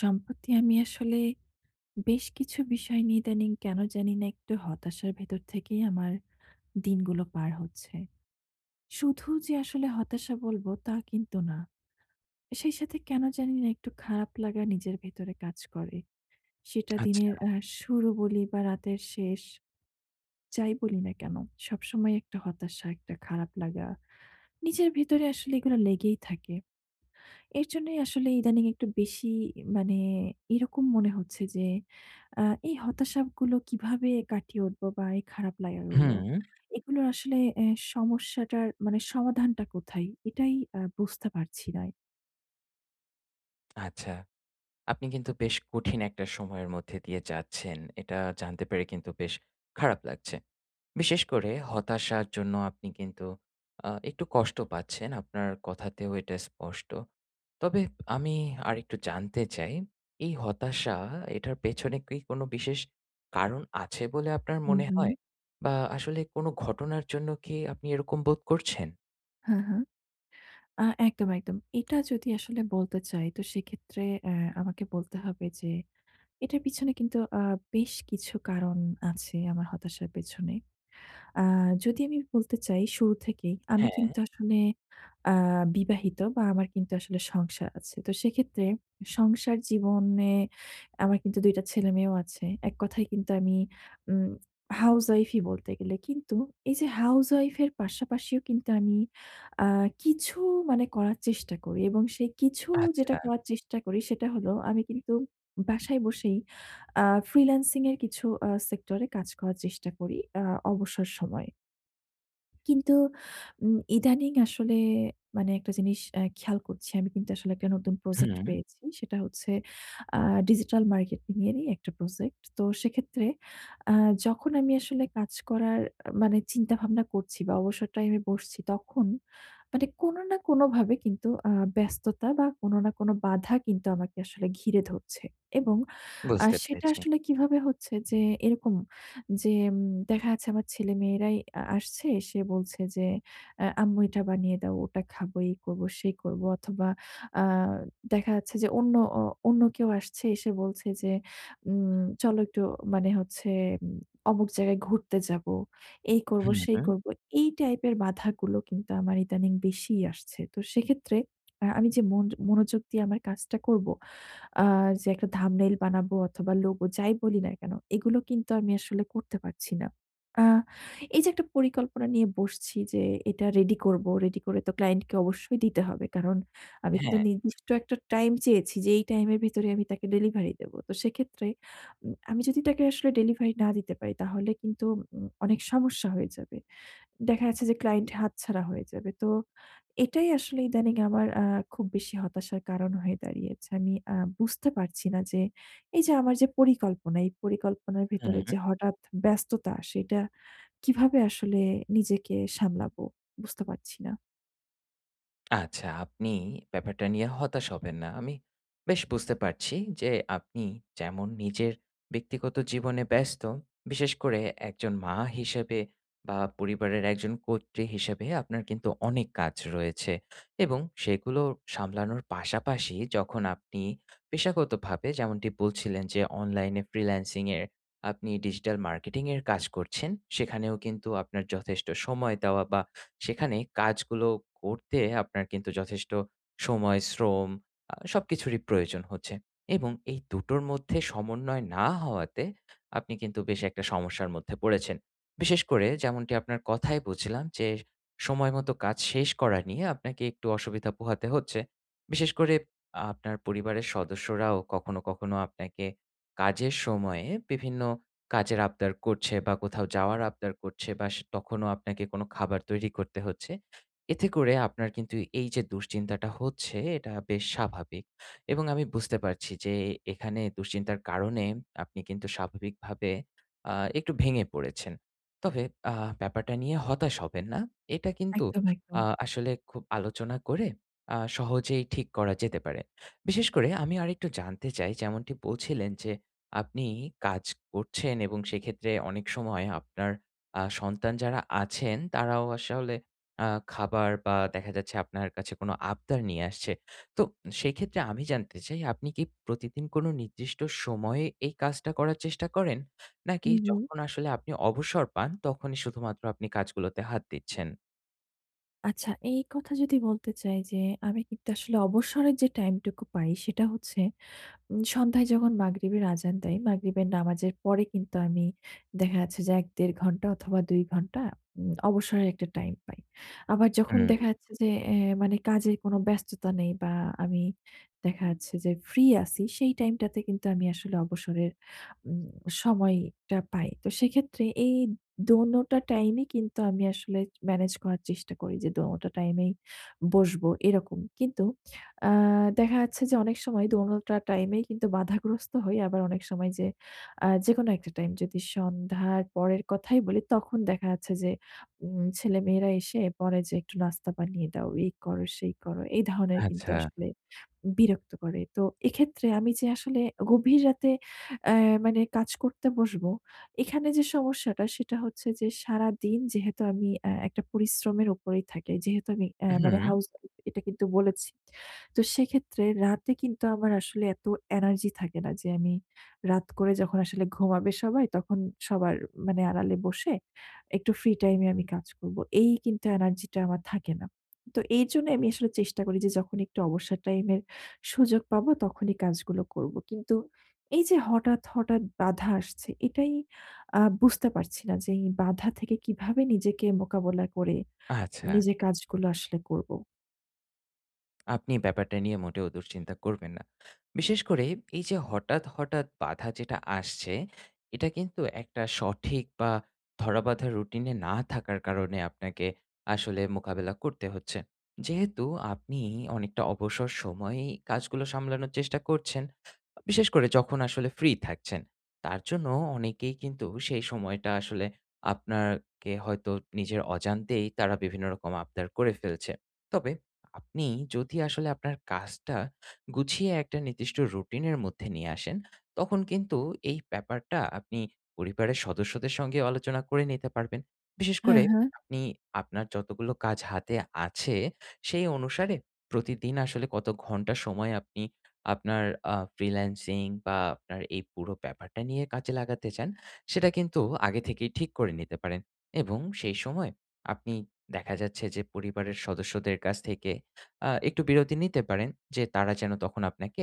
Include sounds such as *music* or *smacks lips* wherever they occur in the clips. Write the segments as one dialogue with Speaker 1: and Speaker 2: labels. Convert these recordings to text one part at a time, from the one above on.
Speaker 1: সম্প্রতি আমি আসলে বেশ কিছু বিষয় নিয়ে ইদানীং কেন জানি না একটু হতাশার ভেতর থেকেই আমার দিনগুলো পার হচ্ছে। শুধু যে আসলে হতাশা বলব তা কিন্তু না। সেই সাথে কেন জানি না একটু খারাপ লাগা নিজের ভেতরে কাজ করে। সেটা
Speaker 2: আচ্ছা।
Speaker 1: দিনের আহ শুরু বলি বা রাতের শেষ, যাই বলি না কেন, সবসময় একটা হতাশা, একটা খারাপ লাগা। নিজের ভিতরে আসলে এগুলা লেগেই থাকে। এর জন্যই আসলে ইদানিং একটু বেশি মানে এইরকম মনে হচ্ছে যে আ এই হতাশাগুলো কিভাবে কাটিয়ে উঠব? বা এই খারাপ লাগাগুলো?
Speaker 2: হুম।
Speaker 1: এগুলোর আসলে অ্যা সমস্যাটার মানে সমাধানটা কোথায়? এটাই আ বুঝতে পারছি না।
Speaker 2: আচ্ছা, আপনি কিন্তু বেশ কঠিন একটা সময়ের মধ্যে দিয়ে যাচ্ছেন। এটা জানতে পেরে কিন্তু বেশ খারাপ লাগছে। বিশেষ করে হতাশার জন্য আপনি কিন্তু আ একটু কষ্ট পাচ্ছেন আপনার কথাতেও এটা স্পষ্ট। তবে আমি আরেকটু জানতে চাই এই হতাশা, এটার পেছনে কি কোনো বিশেষ কারণ আছে বলে আপনার
Speaker 1: হুম,
Speaker 2: মনে
Speaker 1: হুম।
Speaker 2: হয়? বা আসলে কোনো ঘটনার জন্য কি আপনি এরকম বোধ করছেন?
Speaker 1: হ্যাঁ, হ্যাঁ। আ একদম, একদম। এটা যদি আসলে বলতে চাই, তো সেক্ষেত্রে অ্যা আমাকে বলতে হবে যে, এটার পিছনে কিন্তু আ বেশ কিছু কারণ আছে। আমার হতাশার পেছনে। আ যদি আমি বলতে চাই শুরু থেকেই আমি
Speaker 2: হ্যাঁ।
Speaker 1: কিন্তু আসলে আ বিবাহিত বা, আমার কিন্তু আসলে সংসার আছে। তো সেক্ষেত্রে সংসার জীবনে আমার কিন্তু ২ টা ছেলেমেয়েও আছে। ১ কথায় কিন্তু আমি উম *smacks lips* হাউজওয়াইফই বলতে গেলে। কিন্তু এইযে হাউজওয়াইফের পাশাপাশিও কিন্তু আমি আ কিছু মানে করার চেষ্টা করি এবং সে কিছু
Speaker 2: আচ্ছা।
Speaker 1: যেটা করার চেষ্টা করি, সেটা হলো আমি কিন্তু বাসায় বসেই আ ফ্রিল্যান্সিংয়ের কিছু আ সেক্টরে কাজ করার চেষ্টা করি। আ অবসর সময়। কিন্তু উম ইদানিং আসলে মানে একটা জিনিস অ্যা খেয়াল করছি। আমি কিন্তু আসলে একটা নতুন প্রজেক্ট
Speaker 2: হুম।
Speaker 1: পেয়েছি। সেটা হচ্ছে আ ডিজিটাল মার্কেটিংয়েরই একটা প্রজেক্ট। তো সেক্ষেত্রে আ যখন আমি আসলে কাজ করার আ মানে চিন্তা ভাবনা করছি বা, অবসর টাইমে বসছি, তখন মানে কোনো না কোনোভাবে কিন্তু আ ব্যস্ততা বা, কোনো না কোনো বাধা কিন্তু আমাকে আসলে ঘিরে ধরছে এবং আ
Speaker 2: বুঝতে
Speaker 1: সেটা
Speaker 2: পেরেছি।
Speaker 1: আসলে কিভাবে হচ্ছে? যে এরকম যে উম দেখা যাচ্ছে আমার ছেলেমেয়েরাই আ আসছে। এসে বলছে যে অ্যা "আম্মু এটা বানিয়ে দাও। ওটা খাবো, এই করবো, সেই করবো।" অথবা আ দেখা যাচ্ছে যে, অন্য অ অন্য কেউ আসছে। এসে বলছে যে, "উম চলো একটু মানে হচ্ছে উম অমুক জায়গায় ঘুরতে যাবো। এই
Speaker 2: হু,
Speaker 1: করবো, সেই
Speaker 2: হু।
Speaker 1: করবো।" এই টাইপের বাধাগুলো কিন্তু আমার ইদানিং বেশিই আসছে। তো সেক্ষেত্রে *smacks lips* আ আমি যে মনযো মনোযোগ দিয়ে আমার কাজটা করবো আ যে একটা thumbnail বানাবো অথবা, লোগো যাই বলি না কেন? এগুলো কিন্তু আমি আসলে করতে পারছি না। আ এইযে একটা পরিকল্পনা নিয়ে বসছি যে, "এটা রেডি করবো। রেডি করে তো ক্লায়েন্টকে অবশ্যই দিতে হবে।" কারণ, আমি কিন্তু
Speaker 2: হ্যাঁ।
Speaker 1: নির্দিষ্ট একটা টাইম চেয়েছি যে, এই টাইমের ভেতরে আমি তাকে ডেলিভারি দেব। তো সেক্ষেত্রে উম আমি যদি তাকে আসলে ডেলিভারি না দিতে পারি, তাহলে কিন্তু উম অনেক সমস্যা হয়ে যাবে। দেখা যাচ্ছে যে ক্লায়েন্ট হাতছাড়া হয়ে যাবে। তো এটাই আসলে ইদানিং আমার আ খুব বেশি হতাশার কারণ হয়ে *smacks lips* দাঁড়িয়েছে। আমি আ বুঝতে পারছি না যে এইযে আমার যে পরিকল্পনা, *smacks lips* এই পরিকল্পনার
Speaker 2: হুম।
Speaker 1: ভেতরে যে হঠাৎ ব্যস্ততা, সেটা কিভাবে আসলে নিজেকে সামলাবো? বুঝতে পারছি না।
Speaker 2: আচ্ছা। আপনি ব্যাপারটা নিয়ে হতাশ হবেন না। আমি বেশ বুঝতে পারছি যে আপনি যেমন নিজের ব্যক্তিগত জীবনে ব্যস্ত, বিশেষ করে একজন মা হিসেবে, বা পরিবারের একজন কর্ত্রী হিসেবে আপনার কিন্তু অনেক কাজ রয়েছে। এবং সেগুলো সামলানোর পাশাপাশি যখন আপনি পেশাগতভাবে, যেমনটি বলছিলেন যে অনলাইনে ফ্রিল্যান্সিং এ আপনি ডিজিটাল মার্কেটিংয়ের কাজ করছেন। সেখানেও কিন্তু আপনার যথেষ্ট সময় দেওয়া বা সেখানে কাজগুলো করতে আপনার কিন্তু যথেষ্ট সময়, শ্রম আ সবকিছুরই প্রয়োজন হচ্ছে। এবং এই দুটোর মধ্যে সমন্বয় না হওয়াতে, আপনি কিন্তু বেশ একটা সমস্যার মধ্যে পড়েছেন। বিশেষ করে যেমনটি আপনার কথায় বুঝলাম যে, সময় মতো কাজ শেষ করা নিয়ে আপনাকে একটু অসুবিধা পোহাতে হচ্ছে। বিশেষ করে আপনার পরিবারের সদস্যরাও কখনো, কখনো আপনাকে কাজের সময়ে বিভিন্ন কাজের আবদার করছে বা কোথাও যাওয়ার আবদার করছে। বাস তখনও আপনাকে কোনো খাবার তৈরি করতে হচ্ছে। এতে করে আপনার কিন্তু এইযে দুশ্চিন্তাটা হচ্ছে, এটা বেশ স্বাভাবিক। এবং আমি বুঝতে পারছি যে এ এখানে দুশ্চিন্তার কারণে আপনি কিন্তু স্বাভাবিকভাবে আ একটু ভেঙে পড়েছেন। *smacks lips* তবে আ ব্যাপারটা নিয়ে হতাশ হবেন না। এটা কিন্তু
Speaker 1: একদম, *smacks lips*
Speaker 2: আ
Speaker 1: একদম।
Speaker 2: আসলে খুব আলোচনা করে আ সহজেই ঠিক করা যেতে পারে। বিশেষ করে আমি আরেকটু জানতে চাই যেমনটি বলছিলেন যে, আপনি কাজ করছেন এবং সেইক্ষেত্রে অনেক সময় আপনার আ *smacks lips* সন্তান যারা আছেন, তারাও আসলে আ খাবার বা দেখা যাচ্ছে আপনার কাছে কোনো আবদার নিয়ে আসছে। তো সেইক্ষেত্রে আমি জানতে চাই, আপনি কি প্রতিদিন কোনো নির্দিষ্ট সময়ে এই কাজটা করার চেষ্টা করেন? নাকি
Speaker 1: হুম, হুম।
Speaker 2: যখন আসলে আপনি অবসর পান, তখনই শুধুমাত্র আপনি কাজগুলোতে হাত দিচ্ছেন?
Speaker 1: আচ্ছা। এই কথা যদি বলতে চাই যে, আমি কিন্তু আসলে অবসরের যে time টুকু পাই, সেটা হচ্ছে উম সন্ধ্যায় যখন মাগরিবের আযান দেয়, মাগরিবের নামাজের পরে কিন্তু আমি দেখা যাচ্ছে যে ১ ১.৫ ঘন্টা অথবা ২ ঘন্টা উম *smacks lips* অবসরের একটা time পাই। আবার যখন
Speaker 2: হুম।
Speaker 1: দেখা যাচ্ছে যে, এ মানে কাজের কোন ব্যস্ততা নেই বা আমি দেখা যাচ্ছে যে free আছি, সেই time টাতে কিন্তু আমি আসলে অবসরের উম সময়টা পাই। তো সেক্ষেত্রে, এই দোনোটা time এ কিন্তু আমি আসলে manage করার চেষ্টা করি যে দোনোটা time এই বসব এরকম। কিন্তু আ দেখা যাচ্ছে যে অনেক সময় দোনোটা time এই কিন্তু বাধাগ্রস্ত হই। আবার অনেক সময় যে আ যেকোনো একটা time যদি সন্ধ্যার পরের কথাই বলি তখন দেখা যাচ্ছে যে, উম ছেলেমেয়েরা এসে পরে যে, "একটু নাস্তা বানিয়ে দাও। এই করো, সেই করো।" এই ধরণের কিন্তু
Speaker 2: আচ্ছা।
Speaker 1: আসলে বিরক্ত করে। তো এক্ষেত্রে আমি যে আসলে গভীর রাতে অ্যা মানে কাজ করতে বসবো। এখানে যে সমস্যাটা সেটা হচ্ছে যে, সারাদিন যেহেতু আমি আ একটা পরিশ্রমের উপরেই থাকি। যেহেতু আমি আ মানে
Speaker 2: হুম।
Speaker 1: house wife এটা কিন্তু বলেছি। *smacks lips* তো সেক্ষেত্রে রাতে কিন্তু আমার আসলে এত energy থাকে না যে, আমি রাত করে যখন আসলে ঘুমাবে সবাই, তখন সবার মানে আড়ালে বসে একটু free time এ আমি কাজ করব। এই কিন্তু energy টা আমার থাকে না। তো এইজন্য আমি আসলে চেষ্টা করি। যে যখন একটু অবসর time এর সুযোগ পাবো তখনই কাজগুলো করব। কিন্তু এই যে হঠাৎ, হঠাৎ বাধা আসছে এটাই আ বুঝতে পারছি না যে, এই বাধা থেকে কিভাবে নিজেকে মোকাবিলা করে
Speaker 2: আচ্ছা।
Speaker 1: নিজের কাজগুলো আসলে করব?
Speaker 2: আপনি ব্যাপারটা নিয়ে মোটেও দুশ্চিন্তা করবেন না। বিশেষ করে এই যে হঠাৎ, হঠাৎ বাধা যেটা আসছে এটা কিন্তু একটা সঠিক বা ধরাবাঁধা routine এ না থাকার কারণে আপনাকে আসলে মোকাবিলা করতে হচ্ছে। যেহেতু আপনিই অনেকটা অবসর সময়েই কাজগুলো সামলানোর চেষ্টা করছেন, বিশেষ করে যখন আসলে free থাকছেন তার জন্য অনেকেই কিন্তু সেই সময়টা আসলে আপনার কে হয়তো নিজের অজান্তেই তারা বিভিন্ন রকম আবদার করে ফেলছে। তবে, আপনি যদি আসলে আপনার কাজটা গুছিয়ে একটা নির্দিষ্ট routine এর মধ্যে নিয়ে আসেন তখন কিন্তু এই ব্যাপারটা আপনি পরিবারের সদস্যদের সঙ্গেও আলোচনা করে নিতে পারবেন। বিশেষ
Speaker 1: হ্যাঁ,
Speaker 2: করে
Speaker 1: হ্যাঁ।
Speaker 2: আপনি আপনার যতগুলো কাজ হাতে আছে সেই অনুসারে প্রতিদিন আসলে কত ঘন্টা সময় আপনি আপনার আ freelancing বা আপনার এই পুরো ব্যাপারটা নিয়ে কাজে লাগাতে চান সেটা কিন্তু আগে থেকেই ঠিক করে নিতে পারেন এবং সেই সময় আপনি দেখা যাচ্ছে যে পরিবারের সদস্যদের কাছ থেকে আ একটু বিরতি নিতে পারেন যে তারা যেন তখন আপনাকে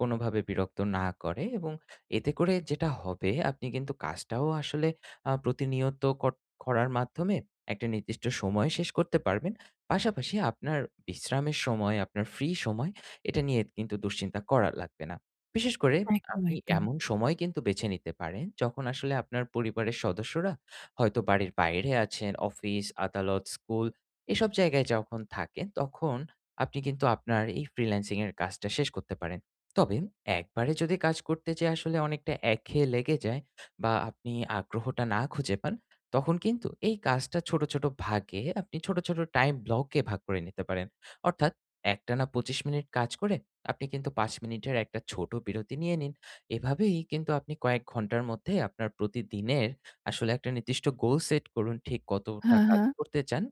Speaker 2: কোনোভাবে বিরক্ত না করে এবং এতে করে যেটা হবে আপনি কিন্তু কাজটাও আসলে আ প্রতিনিয়ত কর করার মাধ্যমে একটা নির্দিষ্ট সময় শেষ করতে পারবেন। পাশাপাশি আপনার বিশ্রামের সময়, আপনার free সময় এটা নিয়ে কিন্তু দুশ্চিন্তা করা লাগবে না। বিশেষ করে
Speaker 1: একদম,
Speaker 2: আপনি
Speaker 1: একদম।
Speaker 2: এমন সময় কিন্তু বেছে নিতে পারেন যখন আসলে আপনার পরিবারের সদস্যরা হয়তো বাড়ির বাইরে আছেন, অফিস-আদালত-স্কুল এসব জায়গায় যখন থাকেন তখন আপনি কিন্তু আপনার এই freelancing এর কাজটা শেষ করতে পারেন। তবে একবারে যদি কাজ করতে যেয়ে আসলে অনেকটা একঘেয়ে লেগে যায় বা আপনি আগ্রহটা না খুঁজে পান তখন কিন্তু এই কাজটা ছোট, ছোট ভাগে আপনি ছোট, ছোট time block এ ভাগ করে নিতে পারেন। অর্থাৎ, একটানা ২৫ মিনিট কাজ করে আপনি কিন্তু ৫ মিনিটের একটা ছোট বিরতি নিয়ে নিন। এভাবেই কিন্তু আপনি কয়েক ঘন্টার মধ্যে আপনার প্রতিদিনের আসলে একটা নির্দিষ্ট গোল set করুন ঠিক কতটা
Speaker 1: হ্যাঁ,
Speaker 2: কাজ
Speaker 1: হ্যাঁ।
Speaker 2: করতে চান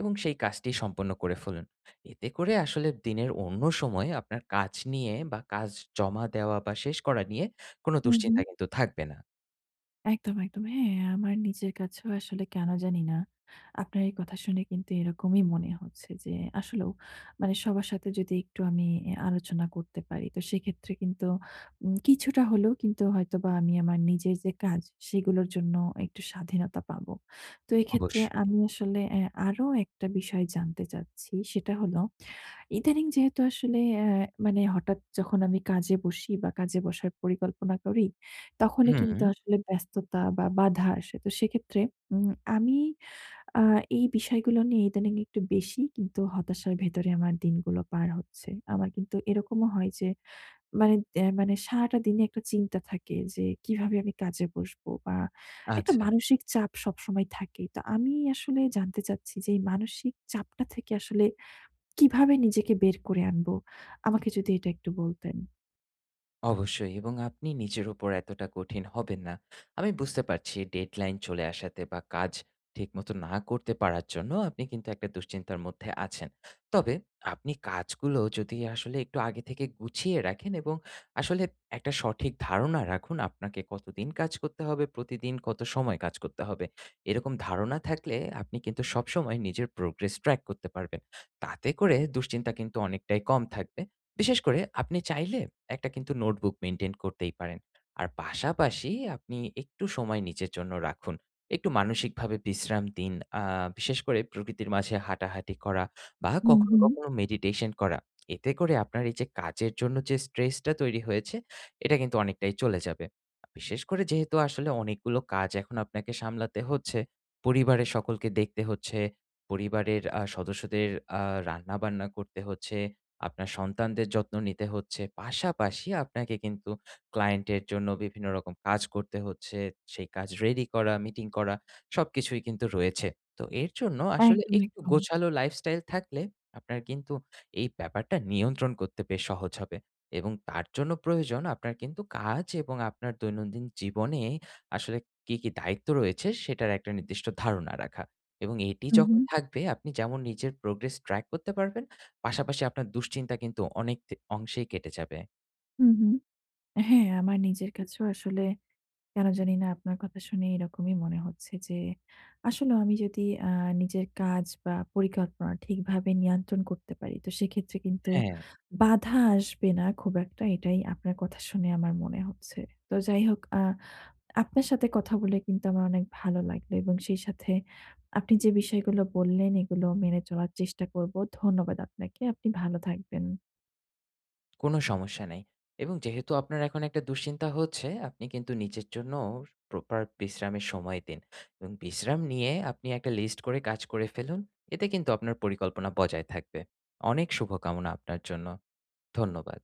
Speaker 2: এবং সেই কাজটি সম্পন্ন করে ফেলুন। এতে করে আসলে দিনের অন্য সময় আপনার কাজ নিয়ে বা কাজ জমা দেওয়া বা শেষ করা নিয়ে কোনো
Speaker 1: হুম, হুম।
Speaker 2: দুশ্চিন্তা কিন্তু থাকবে না।
Speaker 1: একদম, একদম। হ্যাঁ, আমার নিজের কাছেও আসলে কেন জানি না। আপনার এই কথা শুনে কিন্তু এরকমই মনে হচ্ছে যে আসলেও মানে সবার সাথে যদি একটু আমি অ্যা আলোচনা করতে পারি। তো সেক্ষেত্রে কিন্তু উম কিছুটা হলেও কিন্তু হয়তোবা আমি আমার নিজের যে কাজ সেগুলোর জন্য একটু স্বাধীনতা পাবো। তো এক্ষেত্রে
Speaker 2: অবশ্যই।
Speaker 1: আমি আসলে অ্যা আরো একটা বিষয় জানতে চাচ্ছি সেটা হলো ইদানিং যেহেতু আসলে অ্যা মানে হঠাৎ যখন আমি কাজে বসি বা কাজে বসার পরিকল্পনা করি তখনই কিন্তু
Speaker 2: হুম।
Speaker 1: আসলে ব্যস্ততা বা বাধা আসে। তো সেক্ষেত্রে উম আমি আ এই বিষয়গুলো নিয়ে ইদানিং একটু বেশি কিন্তু হতাশার ভেতরে আমার দিনগুলো পার হচ্ছে। আমার কিন্তু এরকমও হয় যে মানে, অ্যা মানে সারাটা দিনে একটা চিন্তা থাকে যে কিভাবে আমি কাজে বসবো? বা একটা
Speaker 2: আচ্ছা।
Speaker 1: মানসিক চাপ সবসময় থাকে। তো আমি আসলে জানতে চাচ্ছি যেই মানসিক চাপটা থেকে আসলে কীভাবে নিজেকে বের করে আনব? আমাকে যদি এটা একটু বলতেন।
Speaker 2: অবশ্যই, এবং আপনি নিজের উপর এতটা কঠিন হবেন না। আমি বুঝতে পারছি deadline চলে আসাতে বা কাজ ঠিকমতো না করতে পারার জন্য আপনি কিন্তু একটা দুশ্চিন্তার মধ্যে আছেন। তবে, আপনি কাজগুলো যদি আসলে একটু আগে থেকে গুছিয়ে রাখেন এবং আসলে একটা সঠিক ধারণা রাখুন আপনাকে কতদিন কাজ করতে হবে? প্রতিদিন কত সময় কাজ করতে হবে? এরকম ধারণা থাকলে আপনি কিন্তু সবসময় নিজের progress track করতে পারবেন। তাতে করে দুশ্চিন্তা কিন্তু অনেকটাই কম থাকবে। বিশেষ করে আপনি চাইলে একটা কিন্তু notebook maintain করতেই পারেন। আর পাশাপাশি আপনি একটু সময় নিজের জন্য রাখুন একটু মানসিকভাবে বিশ্রাম দিন আ বিশেষ করে প্রকৃতির মাঝে হাঁটাহাঁটি করা বা
Speaker 1: হুম,
Speaker 2: কখনো,
Speaker 1: হুম।
Speaker 2: কখনো মেডিটেশন করা। *smacks lips* এতে করে আপনার এই কাজের জন্য যে stress টা তৈরি হয়েছে এটা কিন্তু অনেকটাই চলে যাবে। বিশেষ করে যেহেতু আসলে অনেকগুলো কাজ এখন আপনাকে সামলাতে হচ্ছে পরিবারের সকলকে দেখতে হচ্ছে পরিবারের আ সদস্যদের আ রান্না বান্না করতে হচ্ছে, আপনার সন্তানদের যত্ন নিতে হচ্ছে, পাশাপাশি আপনাকে কিন্তু ক্লায়েন্ট এর জন্য বিভিন্ন রকম কাজ করতে হচ্ছে। সেই কাজ ready করা meeting করা সবকিছুই কিন্তু রয়েছে। তো এর জন্য আসলে
Speaker 1: একদম,
Speaker 2: একটু
Speaker 1: একদম।
Speaker 2: গোছালো lifestyle থাকলে আপনার কিন্তু এই ব্যাপারটা নিয়ন্ত্রণ করতে বেশ সহজ হবে এবং তার জন্য প্রয়োজন আপনার কিন্তু কাজ এবং আপনার দৈনন্দিন জীবনে আসলে কি, কি দায়িত্ব রয়েছে? সেটার একটা নির্দিষ্ট ধারণা রাখা এবং এটি
Speaker 1: হুম,
Speaker 2: যখন
Speaker 1: হুম।
Speaker 2: থাকবে আপনি যেমন নিজের progress track করতে পারবেন পাশাপাশি আপনার দুশ্চিন্তা কিন্তু অনেক দে অংশেই কেটে যাবে।
Speaker 1: হুম, হুম, হ্যাঁ, আমার নিজের কাছেও আসলে কেন জানি না আপনার কথা শুনে এরকমই মনে হচ্ছে যে আসলেও আমি যদি আ নিজের কাজ বা পরিকল্পনা ঠিকভাবে নিয়ন্ত্রণ করতে পারি। তো সেক্ষেত্রে কিন্তু
Speaker 2: হ্যাঁ।
Speaker 1: বাধা আসবে না খুব একটা। এটাই আপনার কথা শুনে আমার মনে হচ্ছে। তো যাই হোক আ আপনার সাথে কথা বলে কিন্তু আমার অনেক ভালো লাগলো এবং সেই সাথে আপনি যে বিষয়গুলো বললেন এগুলো মেনে চলার চেষ্টা করব। ধন্যবাদ আপনাকে। আপনি ভালো থাকবেন।
Speaker 2: কোনো সমস্যা নাই। এবং যেহেতু আপনার এখন একটা দুশ্চিন্তা হচ্ছে আপনি কিন্তু নিজের জন্য proper বিশ্রামের সময় দিন এবং বিশ্রাম নিয়ে আপনি একটা list করে কাজ করে ফেলুন। এতে কিন্তু আপনার পরিকল্পনা বজায় থাকবে। অনেক শুভকামনা আপনার জন্য। ধন্যবাদ।